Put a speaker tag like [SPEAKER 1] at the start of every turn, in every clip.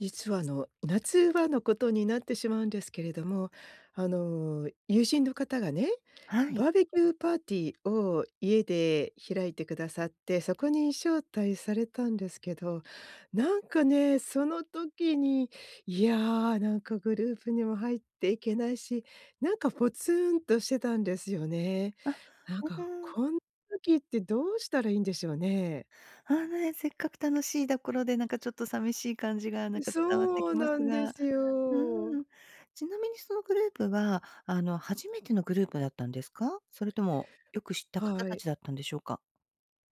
[SPEAKER 1] 実はあの夏場のことになってしまうんですけれども、あの友人の方がね、
[SPEAKER 2] はい。
[SPEAKER 1] バーベキューパーティーを家で開いてくださって、そこに招待されたんですけど、なんかね、その時に、いや、なんかグループにも入っていけないし、なんかポツンとしてたんですよね。
[SPEAKER 2] あ、
[SPEAKER 1] なん
[SPEAKER 2] う
[SPEAKER 1] か
[SPEAKER 2] ーん。
[SPEAKER 1] こんな時ってどうしたらいいんでしょうね？
[SPEAKER 2] あのね、せっかく楽しいところで、なんかちょっと寂しい感じがなんか伝わって
[SPEAKER 1] そう
[SPEAKER 2] きます
[SPEAKER 1] なんで
[SPEAKER 2] が。
[SPEAKER 1] す
[SPEAKER 2] う
[SPEAKER 1] よ。
[SPEAKER 2] ーん。ちなみにそのグループは、あの、初めてのグループだったんですか？それともよく知った方
[SPEAKER 1] は
[SPEAKER 2] た
[SPEAKER 1] い。
[SPEAKER 2] ちだったんでしょうか？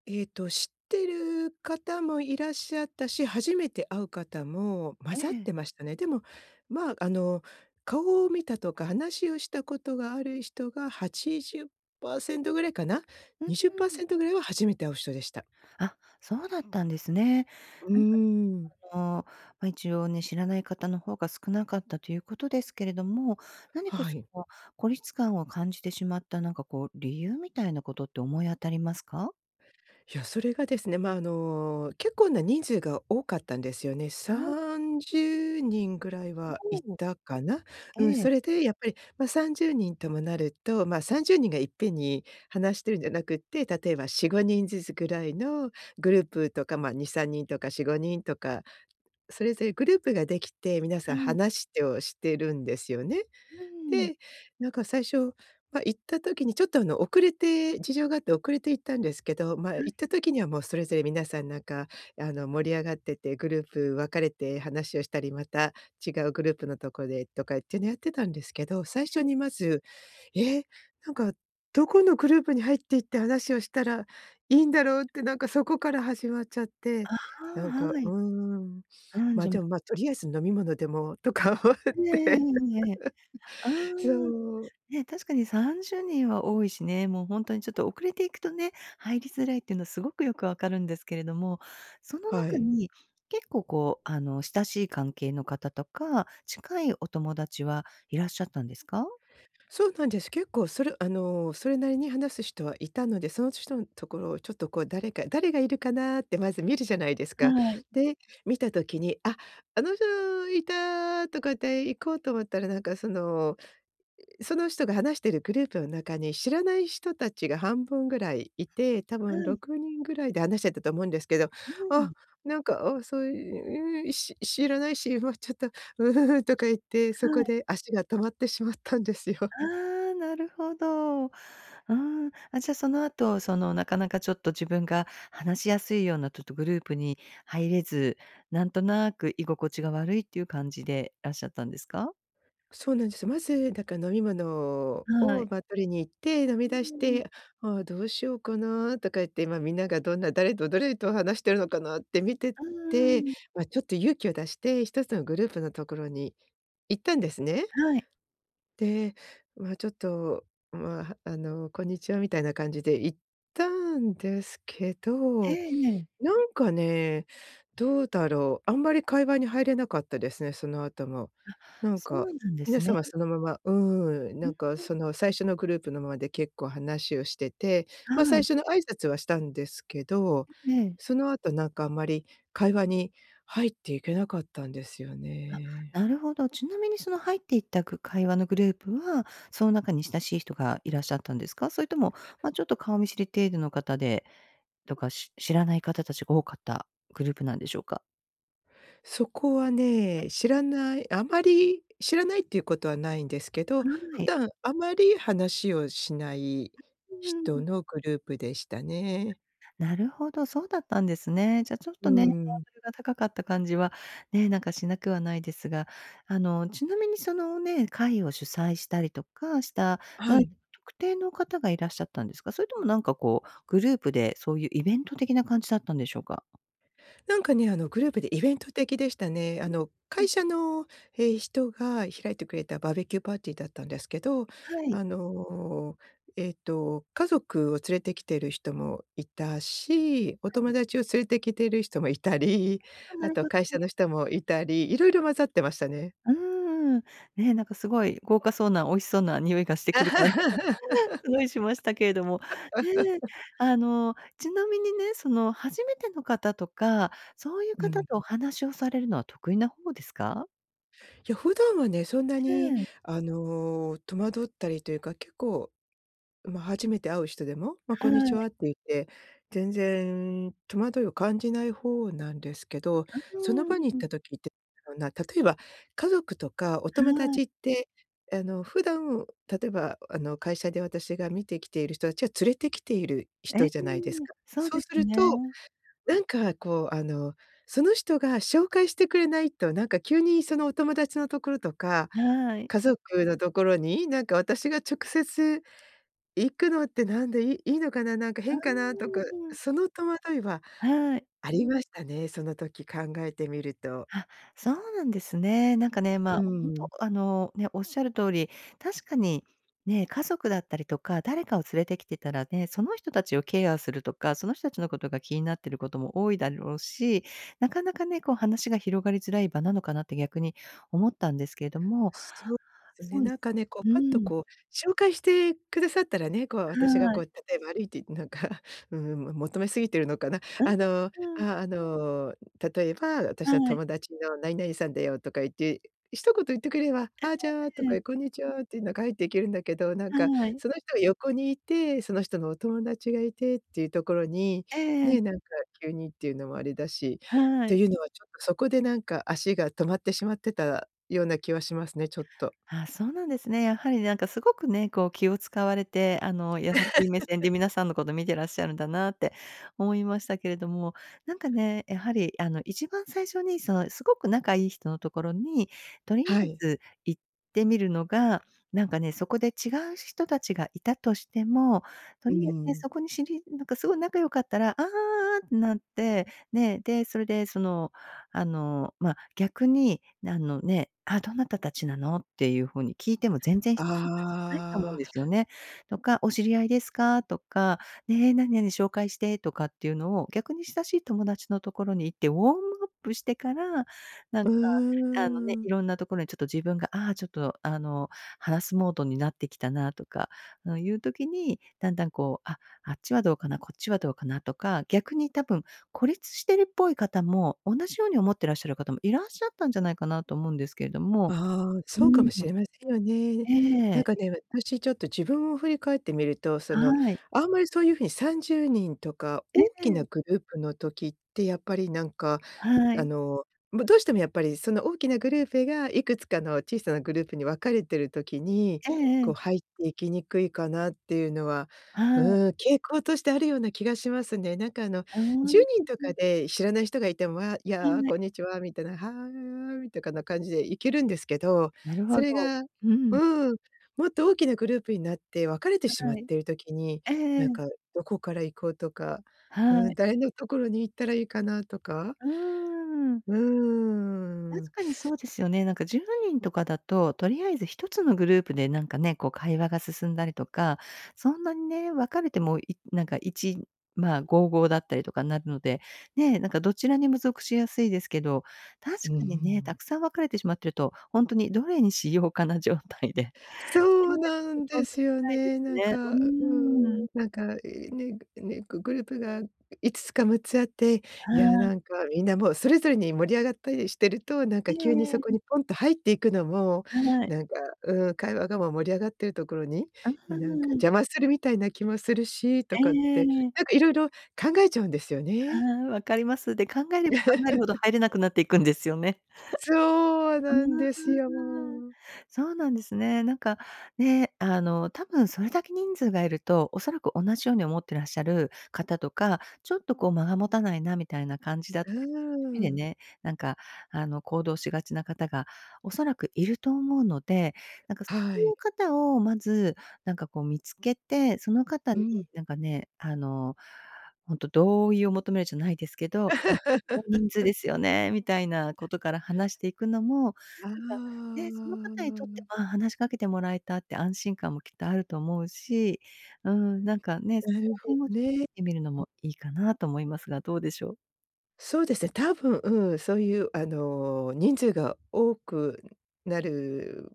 [SPEAKER 1] えっと、知ってる方もいらっしゃったし、初めて会う方も混
[SPEAKER 2] え
[SPEAKER 1] ざっ
[SPEAKER 2] え。
[SPEAKER 1] てましたね。でも、まあ、あの、顔を見たとか話をしたことがある人が80%ぐらいかな。
[SPEAKER 2] うー
[SPEAKER 1] にじゅっパー
[SPEAKER 2] ん。
[SPEAKER 1] セントぐらいは初めて会う人でした。
[SPEAKER 2] あ、そうだったんですね。
[SPEAKER 1] うー
[SPEAKER 2] なんか
[SPEAKER 1] ん。
[SPEAKER 2] あの、ま、一応ね、知らない方の方が少なかったということですけれども、何か
[SPEAKER 1] は
[SPEAKER 2] そ
[SPEAKER 1] い。
[SPEAKER 2] の孤立感を感じてしまった、なんかこう理由みたいなことって思い当たりますか？
[SPEAKER 1] いや、それがですね、ま、あの結構な人数が多かったんですよね。さ
[SPEAKER 2] はい。
[SPEAKER 1] んじゅうにんぐらいはい
[SPEAKER 2] おお。
[SPEAKER 1] たかな。うん、
[SPEAKER 2] ええ。
[SPEAKER 1] それでやっぱり、ま、30人ともなると、ま、30人がいっぺんに話してるんじゃなくって、例えば4、5人ずつぐらいのグループとか、ま、2、3人とか4、5人とか、それぞれグループができて皆さ
[SPEAKER 2] は
[SPEAKER 1] ん
[SPEAKER 2] い。
[SPEAKER 1] 話してをしてるんですよね。
[SPEAKER 2] うーん。
[SPEAKER 1] で、なんか最初、ま、行った時にちょっとあの遅れて、事情があって遅れて行ったんですけど、ま、
[SPEAKER 2] は
[SPEAKER 1] 行っ
[SPEAKER 2] い。
[SPEAKER 1] た時にはもうそれぞれ皆さんなんかあの盛り上がってて、グループ分かれて話をしたり、また違うグループのところでとかっていうのやってたんですけど、最
[SPEAKER 2] え
[SPEAKER 1] 初
[SPEAKER 2] え。
[SPEAKER 1] にまず、え、なんかどこのグループに入って行って話をしたらいいんだろうってなんかそこから始まっちゃって、
[SPEAKER 2] あ
[SPEAKER 1] なん
[SPEAKER 2] あ、
[SPEAKER 1] か、
[SPEAKER 2] は
[SPEAKER 1] う
[SPEAKER 2] い。
[SPEAKER 1] ーん。
[SPEAKER 2] うん、
[SPEAKER 1] ま、
[SPEAKER 2] じゃ
[SPEAKER 1] でも、ま、とりあえず飲み物でもとか思っ
[SPEAKER 2] ええ、え
[SPEAKER 1] て。
[SPEAKER 2] え、ええ、ええ。ああ。
[SPEAKER 1] そう。
[SPEAKER 2] ね、確かに30人は多いしね。もうほんとにちょっと遅れていくとね、入りづらいっていうのはすごくよく分かるんですけれども、その
[SPEAKER 1] は
[SPEAKER 2] 中
[SPEAKER 1] い。
[SPEAKER 2] に、結構、こう、あの、親しい関係の方とか、近いお友達はいらっしゃったんですか？
[SPEAKER 1] そうなんです。結構それ、あの、それなりに話す人はいたので、その人のところをちょっとこう誰か誰がいるかなってまず見るじゃないですか。
[SPEAKER 2] はい。
[SPEAKER 1] で、見た時に、あ、あの人いたとかって行こうと思ったらなんかその、その人が話しているグループの中に知らない人たちが半分ぐらいいて、多
[SPEAKER 2] は
[SPEAKER 1] 分
[SPEAKER 2] い。
[SPEAKER 1] 6人ぐらいで話してたと思うんですけど、
[SPEAKER 2] う
[SPEAKER 1] あ、
[SPEAKER 2] ん。
[SPEAKER 1] なんか、あ、そういう知知らないし、ま、ちょっと「う、うん」とか言って、そ
[SPEAKER 2] は
[SPEAKER 1] こ
[SPEAKER 2] い。
[SPEAKER 1] で足が止まってしまったんですよ。
[SPEAKER 2] ああ、なるほど、ああ。あ、じゃ、その後そのなかなかちょっと自分が話しやすいようなちょっとグループに入れず、なんとなく居心地が悪いっていう感じでらっしゃったんですか？
[SPEAKER 1] そうなんです。まずだから飲み物
[SPEAKER 2] は
[SPEAKER 1] を、
[SPEAKER 2] い。
[SPEAKER 1] ま、取りに行って、飲み
[SPEAKER 2] う
[SPEAKER 1] 出し
[SPEAKER 2] ーん。
[SPEAKER 1] て、「あ、どうしようかな」とか言って、ま、みんながどんな誰と誰と話しているのかなって見て
[SPEAKER 2] うー
[SPEAKER 1] て、
[SPEAKER 2] ん。
[SPEAKER 1] ま、ちょっと勇気を出して1つのグループのところに行ったんですね。
[SPEAKER 2] はい。
[SPEAKER 1] で、ま、ちょっと、ま、あの、こんにちは、みたいな感じで行ったんですけ
[SPEAKER 2] え
[SPEAKER 1] ど、
[SPEAKER 2] え、ええ。
[SPEAKER 1] なんかね、どうだろう、あんまり会話に入れなかったですね、その後も。
[SPEAKER 2] あ、
[SPEAKER 1] なん
[SPEAKER 2] そ
[SPEAKER 1] か、
[SPEAKER 2] うなんで
[SPEAKER 1] 皆
[SPEAKER 2] す
[SPEAKER 1] さ
[SPEAKER 2] ね。
[SPEAKER 1] んはそのまま、うーん、
[SPEAKER 2] うー
[SPEAKER 1] な
[SPEAKER 2] ん。
[SPEAKER 1] んかその最初のグループのままで結構話をしてて、ま、
[SPEAKER 2] は
[SPEAKER 1] 最
[SPEAKER 2] い。
[SPEAKER 1] 初の挨拶はしたんですけど、
[SPEAKER 2] ええ。
[SPEAKER 1] その後なんかあまり会話に入っていけなかったんですよね。
[SPEAKER 2] あ、なるほど。ちなみにその入っていったグ会話のグループは、その中に親しい人がいらっしゃったんですか？それとも、ま、ちょっと顔見知り程度の方で、とか、知知らない方たちが多かったグループなんでしょうか？
[SPEAKER 1] そこはね、知らない、あまり知らないっていうことはないんですけど、
[SPEAKER 2] は
[SPEAKER 1] 普
[SPEAKER 2] い。
[SPEAKER 1] 段あまり話をしない
[SPEAKER 2] うー
[SPEAKER 1] 人
[SPEAKER 2] ん。
[SPEAKER 1] のグループでしたね。
[SPEAKER 2] なるほど、そうだったんですね。じゃ、ちょっ
[SPEAKER 1] うー
[SPEAKER 2] とね、ハ
[SPEAKER 1] ん。
[SPEAKER 2] ードルが高かった感じはね、なんか、しなくはないですが、あの、ちなみにそのね、会を主催したりとかしたど
[SPEAKER 1] は
[SPEAKER 2] ん
[SPEAKER 1] い。
[SPEAKER 2] 特定の方がいらっしゃったんですか？それともなんか、こう、グループでそういうイベント的な感じだったんでしょうか？
[SPEAKER 1] なんかね、あの、グループでイベント的でしたね。あ
[SPEAKER 2] ん、
[SPEAKER 1] の、
[SPEAKER 2] う
[SPEAKER 1] 会
[SPEAKER 2] ん。
[SPEAKER 1] 社の、え、人が開いてくれたバーベキューパーティーだったんですけど、
[SPEAKER 2] はい。
[SPEAKER 1] あの、えっと、家族を連れてきている人もいたし、お
[SPEAKER 2] は
[SPEAKER 1] 友
[SPEAKER 2] い。
[SPEAKER 1] 達を連れてきている人もいたり
[SPEAKER 2] あ、な
[SPEAKER 1] あ
[SPEAKER 2] る
[SPEAKER 1] と
[SPEAKER 2] ほ
[SPEAKER 1] は
[SPEAKER 2] ど
[SPEAKER 1] 会社
[SPEAKER 2] ね。
[SPEAKER 1] の人もいたり、いろいろ混ざってましたね。
[SPEAKER 2] うーん、ね、なんか、すごい豪華そうな美味しそうな匂いがしてくる感じが すごいしましたけれども、ね。あの、ちなみにね、その初めての方とか、そういう
[SPEAKER 1] うん。
[SPEAKER 2] 方とお話をされるのは得意な方ですか？
[SPEAKER 1] いや、普段はねそんな
[SPEAKER 2] へ
[SPEAKER 1] に、
[SPEAKER 2] え。
[SPEAKER 1] あの、戸惑ったりというか結構、ま、初めて会う人でも、ま、「こ
[SPEAKER 2] は
[SPEAKER 1] んにち
[SPEAKER 2] い。
[SPEAKER 1] は」って言って、全然戸惑いを感じない方なんですけど、
[SPEAKER 2] あ
[SPEAKER 1] その場に行っ
[SPEAKER 2] あ。
[SPEAKER 1] た時って、なんだろうな、例えば、家族とかお友
[SPEAKER 2] はい。
[SPEAKER 1] 達って、あの、普段、例えばあの、会社で私が見てきている人たちは連れてきている
[SPEAKER 2] え
[SPEAKER 1] 人
[SPEAKER 2] え、
[SPEAKER 1] じゃないですか、
[SPEAKER 2] そう
[SPEAKER 1] そう
[SPEAKER 2] で
[SPEAKER 1] す
[SPEAKER 2] す
[SPEAKER 1] ると、
[SPEAKER 2] ね。
[SPEAKER 1] なんかこうあの、その人が紹介してくれないと、なんか急にそのお友達のところとか、
[SPEAKER 2] はい。
[SPEAKER 1] 家族のところに、なんか私が直接、行くのってなんで、「いいのかな、なんか
[SPEAKER 2] あ、
[SPEAKER 1] 変かな」と
[SPEAKER 2] う
[SPEAKER 1] か、
[SPEAKER 2] ーん。
[SPEAKER 1] その戸惑いは
[SPEAKER 2] はい。
[SPEAKER 1] ありましたね。その時考えてみると。
[SPEAKER 2] あ、そうなんですね。なんかね、
[SPEAKER 1] う
[SPEAKER 2] ま、
[SPEAKER 1] ー
[SPEAKER 2] ほん
[SPEAKER 1] ん。
[SPEAKER 2] とあの、ね、おっしゃる通り、確かにね、家族だったりとか、誰かを連れてきてたらね、その人たちをケアするとか、その人たちのことが気になっていることも多いだろうし、なかなかね、こう話が広がりづらい場なのかなって逆に思ったんですけども、
[SPEAKER 1] そうです
[SPEAKER 2] そ
[SPEAKER 1] ね、
[SPEAKER 2] うで
[SPEAKER 1] なん
[SPEAKER 2] す
[SPEAKER 1] かね、こう
[SPEAKER 2] うー
[SPEAKER 1] パッと
[SPEAKER 2] ん。
[SPEAKER 1] こう紹介してくださったらね、こう、私が
[SPEAKER 2] は
[SPEAKER 1] こ
[SPEAKER 2] い。
[SPEAKER 1] う例えば歩いて行ってなんか求めすぎているのかな？
[SPEAKER 2] あ
[SPEAKER 1] あの、あ
[SPEAKER 2] あ。
[SPEAKER 1] あ、あの、例えば
[SPEAKER 2] は
[SPEAKER 1] 「私の
[SPEAKER 2] い。
[SPEAKER 1] 友達の何々さんだよ」とか言って、一言言ってくれれば、
[SPEAKER 2] え
[SPEAKER 1] 「あ、じゃあ」と
[SPEAKER 2] え。
[SPEAKER 1] か、「こんにちは」って言いながら入っていけるんだけど、なんか
[SPEAKER 2] はい。
[SPEAKER 1] その人が横にいて、その人のお友達がいてっていうところに、
[SPEAKER 2] ええ。
[SPEAKER 1] ね、なんか急にっていうのもあれだしっ
[SPEAKER 2] は
[SPEAKER 1] て
[SPEAKER 2] い。
[SPEAKER 1] いうのはちょっとそこでなんか足が止まってしまってたような気はしますね、ちょっと。
[SPEAKER 2] あ、そうなんですね。やはりなんかすごくね、こう気を使われて、あの優しい目線で皆 さんのこと見てらっしゃるんだなって思いましたけれども、なんかね、やはりあの一番最初にその、すごく仲いい人のところにとり
[SPEAKER 1] は
[SPEAKER 2] あえ
[SPEAKER 1] い。
[SPEAKER 2] ず行ってみるのが、なんかね、そこで違う人たちがいたとしても、と
[SPEAKER 1] うー
[SPEAKER 2] りあえず
[SPEAKER 1] ん。
[SPEAKER 2] そこに知りなんかすごい仲良かったら、「ああ」ってなって、ね。で、それで、その、あの、ま、逆に、あのね、あ、「どなたたちなの？」っていう風に聞いても全然失礼じゃないと思うん
[SPEAKER 1] あ
[SPEAKER 2] で
[SPEAKER 1] あ。
[SPEAKER 2] すよね。とか、「お知り合いですか？」とか、ね、「何々紹介して」とかっていうのを、逆に親しい友達の所に行って、ウォームアップしてから、なん
[SPEAKER 1] う
[SPEAKER 2] か、あのね、
[SPEAKER 1] ーん。
[SPEAKER 2] 色んなところにちょっと自分が、あ、ちょっと、あの、話すモードになってきたなとかいう時に、だんだんこう、あ、あっちはどうかな、こっちはどうかなとか、逆に多分、孤立してるっぽい方も、同じように思ってらっしゃる方もいらっしゃったんじゃないかなと思うんですけども、
[SPEAKER 1] ああ、
[SPEAKER 2] うー
[SPEAKER 1] そうかも
[SPEAKER 2] ん、
[SPEAKER 1] しれませんよね。
[SPEAKER 2] え
[SPEAKER 1] なん
[SPEAKER 2] え。
[SPEAKER 1] かね、私ちょっと自分を振り返ってみると、その
[SPEAKER 2] はい。
[SPEAKER 1] あんまりそういう風に30人とか
[SPEAKER 2] え
[SPEAKER 1] 大きな
[SPEAKER 2] え。
[SPEAKER 1] グループの時ってやっぱりなんか、
[SPEAKER 2] は
[SPEAKER 1] あ
[SPEAKER 2] い。
[SPEAKER 1] の、どうしてもやっぱりその大きなグループがいくつかの小さなグループに分かれてる時に、
[SPEAKER 2] えええ
[SPEAKER 1] こう
[SPEAKER 2] え。
[SPEAKER 1] 入って行きにくいかなっていうのは、
[SPEAKER 2] は
[SPEAKER 1] う
[SPEAKER 2] い。
[SPEAKER 1] ーん、傾向としてあるような気がしますね。なんかあの
[SPEAKER 2] ああ、
[SPEAKER 1] じゅう
[SPEAKER 2] ふ
[SPEAKER 1] にんと
[SPEAKER 2] ふ
[SPEAKER 1] か
[SPEAKER 2] ん。
[SPEAKER 1] で知らない人がいても、「わ、い
[SPEAKER 2] は
[SPEAKER 1] や、
[SPEAKER 2] い。
[SPEAKER 1] こんにちは」みたいな、「はい」とかな感じで行けるんですけど、
[SPEAKER 2] なるほ
[SPEAKER 1] それ
[SPEAKER 2] ど。
[SPEAKER 1] が、う
[SPEAKER 2] うん。
[SPEAKER 1] ーん、もっと大きなグループになって分かれてしまっ
[SPEAKER 2] はい。
[SPEAKER 1] ている時に、
[SPEAKER 2] えええ
[SPEAKER 1] なん
[SPEAKER 2] え。
[SPEAKER 1] かどこから行こうとか、
[SPEAKER 2] は
[SPEAKER 1] うーん、
[SPEAKER 2] い。
[SPEAKER 1] 誰のところに行ったらいいかなとか
[SPEAKER 2] うーん。
[SPEAKER 1] うー
[SPEAKER 2] 確
[SPEAKER 1] ん。
[SPEAKER 2] かにそうですよね。なんか10人とかだと、とりあえず1つのグループでなんかね、こう会話が進んだりとか、そんなにね、分かれてもなんか、いいち、まあ、5、5だったりとかになるので、ね、なんかどちらにも属しやすいですけど、確
[SPEAKER 1] うんうんう
[SPEAKER 2] かにね、沢
[SPEAKER 1] ん。
[SPEAKER 2] 山分かれてしまってると、ほんとにどれにしようかな状態で
[SPEAKER 1] そう
[SPEAKER 2] [unintelligible]
[SPEAKER 1] なん
[SPEAKER 2] そ
[SPEAKER 1] で
[SPEAKER 2] んな
[SPEAKER 1] す
[SPEAKER 2] し
[SPEAKER 1] よ
[SPEAKER 2] ないで
[SPEAKER 1] ね。
[SPEAKER 2] す
[SPEAKER 1] なん
[SPEAKER 2] ね。う
[SPEAKER 1] か、うー
[SPEAKER 2] ー
[SPEAKER 1] ん。
[SPEAKER 2] ん。
[SPEAKER 1] なんか、ね、ね、グループが5つか6つあって、いや、
[SPEAKER 2] はい。
[SPEAKER 1] なんかみんなもうそれぞれに盛り上がったりしてると、なん
[SPEAKER 2] え
[SPEAKER 1] か急にそこ
[SPEAKER 2] えええ。
[SPEAKER 1] にポンと入っていくのも
[SPEAKER 2] はい。
[SPEAKER 1] なんか、うーん、会話が盛り上がっているところに、
[SPEAKER 2] あ
[SPEAKER 1] なんか
[SPEAKER 2] あ。
[SPEAKER 1] 邪魔するみたいな気もするし、と
[SPEAKER 2] え
[SPEAKER 1] かっ
[SPEAKER 2] え
[SPEAKER 1] て、
[SPEAKER 2] ええ。
[SPEAKER 1] なんか色々考えちゃうんですよね。
[SPEAKER 2] ああ、分かります。で、考えれば考えるほど 入れなくなっていくんですよね。
[SPEAKER 1] そう
[SPEAKER 2] ああ、
[SPEAKER 1] なんですよ、もう。
[SPEAKER 2] そうなんですね。なんか、ね、あの多分、それだけ人数がいると、おそらく同じように思ってらっしゃる方とか、ちょっとこう間が持たないなみたいな感じだっ
[SPEAKER 1] うー
[SPEAKER 2] たり、一人で
[SPEAKER 1] ん。
[SPEAKER 2] ね、なんか、あの、行動しがちな方がおそらくいると思うので、なんか、そ
[SPEAKER 1] は
[SPEAKER 2] うい
[SPEAKER 1] い。
[SPEAKER 2] う方をまず、なんかこう見付けて、その方
[SPEAKER 1] う
[SPEAKER 2] に、
[SPEAKER 1] ん。
[SPEAKER 2] なんかね、あの、ほんと同意を求めるじゃないですけど、「大人数 ですよね？」みたいなことから話していくのも、なんか、
[SPEAKER 1] あ
[SPEAKER 2] ね、その方にとって、
[SPEAKER 1] あ。
[SPEAKER 2] 「ああ、話しかけてもらえた」っていう安心感もきっとあると思うし、うーん、なんかね、そ
[SPEAKER 1] な
[SPEAKER 2] こ
[SPEAKER 1] る
[SPEAKER 2] ら
[SPEAKER 1] ほど
[SPEAKER 2] 辺をちょっと聞いてみるの
[SPEAKER 1] ね。
[SPEAKER 2] もいいかなと思いますが、どうでしょう？
[SPEAKER 1] そうですね、多分そういう、あの人数が多くなる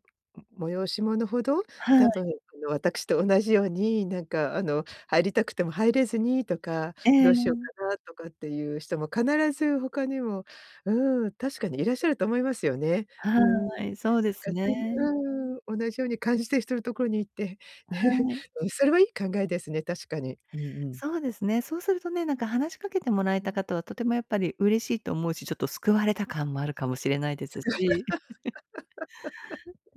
[SPEAKER 1] も催し物ほど、
[SPEAKER 2] は
[SPEAKER 1] 多
[SPEAKER 2] い。
[SPEAKER 1] 分あの、私と同じようになんか、あの入りたくても入れずにとか、
[SPEAKER 2] え
[SPEAKER 1] どうしよう
[SPEAKER 2] え。
[SPEAKER 1] かなとかっていう人も必ず他にも、うん、確かにいらっしゃると思いますよね。う
[SPEAKER 2] は
[SPEAKER 1] ん。なんか、
[SPEAKER 2] い、そうです
[SPEAKER 1] 普通
[SPEAKER 2] ね。
[SPEAKER 1] にうん、同じように感じてる人のところに行って、ね、
[SPEAKER 2] はい。
[SPEAKER 1] うん、それはいい考えですね、確かに。うんうん。
[SPEAKER 2] そうですね。そうするとね、なんか話しかけてもらえた方は、とてもやっぱり嬉しいと思うし、ちょっと救われた感もあるかもしれないですし。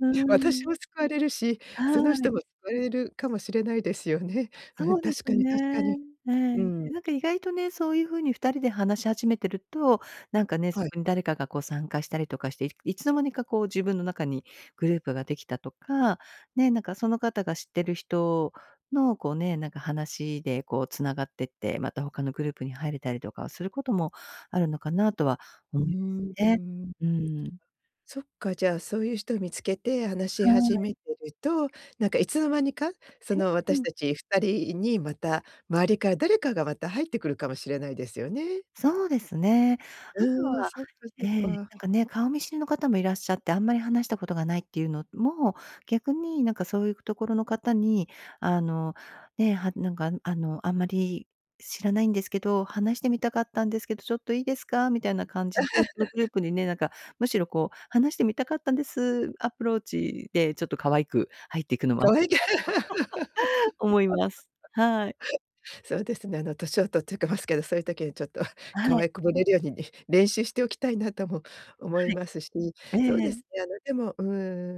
[SPEAKER 2] う
[SPEAKER 1] 私
[SPEAKER 2] ん。
[SPEAKER 1] も救われるし、
[SPEAKER 2] は
[SPEAKER 1] その人
[SPEAKER 2] い。
[SPEAKER 1] もわれるかもしれないですよね。う
[SPEAKER 2] そ
[SPEAKER 1] ん、
[SPEAKER 2] うで
[SPEAKER 1] 確
[SPEAKER 2] す
[SPEAKER 1] かに
[SPEAKER 2] ね。
[SPEAKER 1] 確かに。
[SPEAKER 2] え
[SPEAKER 1] うん。
[SPEAKER 2] え。なんか意外とね、そういう風に二人で話し始めてると、なんかね、そ
[SPEAKER 1] はい。
[SPEAKER 2] こに誰かがこう参加したりとかして、いいつの間にかこう自分の中にグループができたとか、ね、なんかその方が知ってる人のこうね、なんか話でこう繋がってって、また他のグループに入れたりとかはすることもあるのかなとは
[SPEAKER 1] う
[SPEAKER 2] 思い
[SPEAKER 1] ん、う
[SPEAKER 2] ね。
[SPEAKER 1] ん。
[SPEAKER 2] うん。
[SPEAKER 1] そっか、じゃ、そういう人見つけて話し
[SPEAKER 2] は
[SPEAKER 1] 始
[SPEAKER 2] い。
[SPEAKER 1] めてると、なんかいつの間にか、そ
[SPEAKER 2] え。
[SPEAKER 1] の
[SPEAKER 2] う
[SPEAKER 1] 私
[SPEAKER 2] ん。
[SPEAKER 1] たち二人にまた周りから誰かがまた入ってくるかもしれないですよね。
[SPEAKER 2] そうですね。あと
[SPEAKER 1] うん、
[SPEAKER 2] は
[SPEAKER 1] そっか、そ
[SPEAKER 2] え
[SPEAKER 1] っ
[SPEAKER 2] え、
[SPEAKER 1] か。
[SPEAKER 2] なんかね、顔見知りの方もいらっしゃって、あんまり話したことがないっていうのも、逆になんかそういうところの方に、あの、ね、はなんか「あの、あんまり知らないんですけど、話してみたかったんですけど、ちょっといいですか？」みたいな感じで、そのグルー プにね、なんかむしろこう「話してみたかったんです」アプローチでちょっと可愛く入っていくのは
[SPEAKER 1] 可愛い。
[SPEAKER 2] 思います。はい。
[SPEAKER 1] そうですね。あの年を取ってけますけど、そういう時に、ちょっと
[SPEAKER 2] は
[SPEAKER 1] 可
[SPEAKER 2] い。
[SPEAKER 1] 愛こぶれるようにね、練習しておきたいなとも思い
[SPEAKER 2] は
[SPEAKER 1] ますし、
[SPEAKER 2] い。
[SPEAKER 1] そう
[SPEAKER 2] え
[SPEAKER 1] で
[SPEAKER 2] え。
[SPEAKER 1] すね。あの、でも、う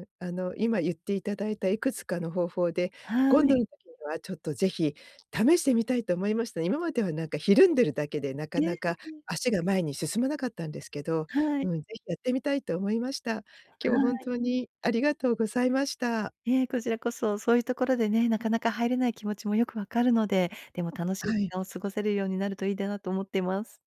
[SPEAKER 1] ん、あの今言っていただいたいくつかの方法で、
[SPEAKER 2] は
[SPEAKER 1] 今度
[SPEAKER 2] い。
[SPEAKER 1] の時にはちょっとぜひ試してみたいと思いましたね。今まではなんかひるんでるだけで、なか
[SPEAKER 2] え、
[SPEAKER 1] なか
[SPEAKER 2] うん。
[SPEAKER 1] 足が前に進まなかったんですけど、
[SPEAKER 2] は
[SPEAKER 1] う
[SPEAKER 2] い。
[SPEAKER 1] ん、ぜひやってみたいと思いました。今日
[SPEAKER 2] は
[SPEAKER 1] は本
[SPEAKER 2] い。
[SPEAKER 1] 当にありがとうございました。
[SPEAKER 2] え、こちらこそ、そういうところでね、なかなか入れない気持ちもよく分かるので、でも楽しい
[SPEAKER 1] は
[SPEAKER 2] 時
[SPEAKER 1] い。
[SPEAKER 2] 間を過ごせるようになるといいだなと思っています。